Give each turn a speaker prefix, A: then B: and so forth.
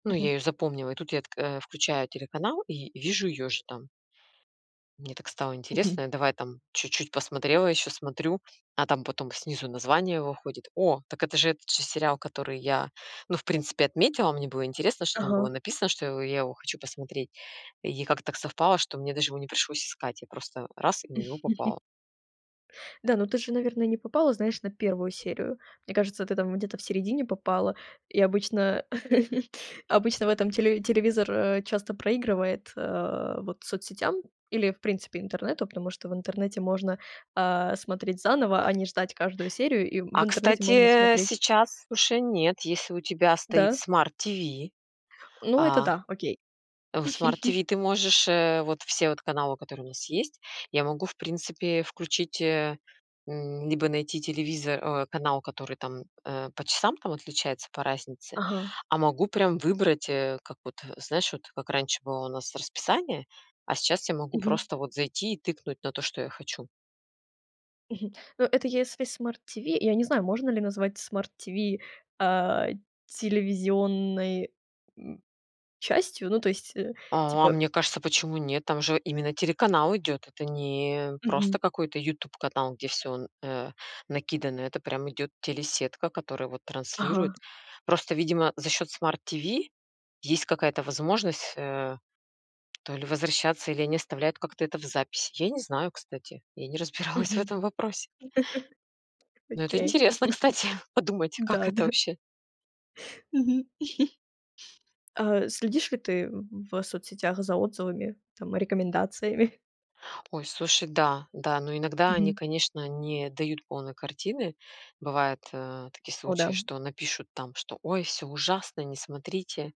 A: Ну, я
B: Мгм.
A: ее запомнила, и тут я тк э, включаю телеканал и вижу ее же там. Мне так стало
B: Мгм.
A: интересно, я давай там чуть-чуть посмотрела еще, смотрю, а там потом снизу название выходит. О, так это же этот же сериал, который я, ну, в принципе, отметила. Мне было интересно, что там было
B: Ага.
A: написано, что я его я его хочу посмотреть. И как-то так совпало, что мне даже его не пришлось искать, я просто- раз, и на него попала.
B: Да, ну ты же, наверное, не попала, знаешь, на 1 серию. Мне кажется, ты там где-то в середине попала. И обычно обычно в этом телеви телевизор, а, часто проигрывает, э, вот соцсетям или в принципе интернету, потому что в интернете можно, а, смотреть заново, а не ждать каждую серию. И в
A: А
B: интернете можно
A: кстати, э,
B: смотреть
A: сейчас уже нет, если у тебя стоит
B: Да.
A: Smart TV,
B: Ну, это
A: а
B: да, окей.
A: в Smart TV ты можешь, э, вот все вот каналы, которые у нас есть, я могу, в принципе, включить, э, м, либо найти телевизор, э, канал, который там, э, по часам там отличается, по разнице,
B: Ага.
A: а могу прям выбрать, э, как вот, э, знаешь, вот как раньше было у нас расписание, а сейчас я могу
B: Мгм.
A: просто вот зайти и тыкнуть на то, что я хочу.
B: Мгм. Ну, это если Smart TV. Я не знаю можно ли назвать Smart TV, а, телевизионной, м, частью, ну, то есть, э,
A: О, а
B: типа
A: мне кажется, почему нет, там же именно телеканал идет, это не просто
B: Мгм.
A: какой-то "Ютуб" канал, где всё н э, накидано, это прямо идет телесетка, которая вот
B: Ага.
A: транслирует. Просто, видимо, за счет Smart TV есть какая-то возможность, э, то ли возвращаться, или они оставляют как-то это в записи. Я не знаю, кстати, я не
B: Мгм.
A: разбиралась в этом вопросе. Но это
B: Окей.
A: интересно, кстати подумать, как
B: Да,
A: это
B: да-да.
A: вообще.
B: Мгм. А следишь ли ты в в соцсетях за отзывами там, рекомендациями?
A: Ой, слушай, да, да. Но иногда они,
B: Мгм.
A: конечно, не дают полной картины. Бывают, э, такие
B: О
A: случаи:
B: да!
A: напишут там, что "Ой, всё ужасно, не смотрите".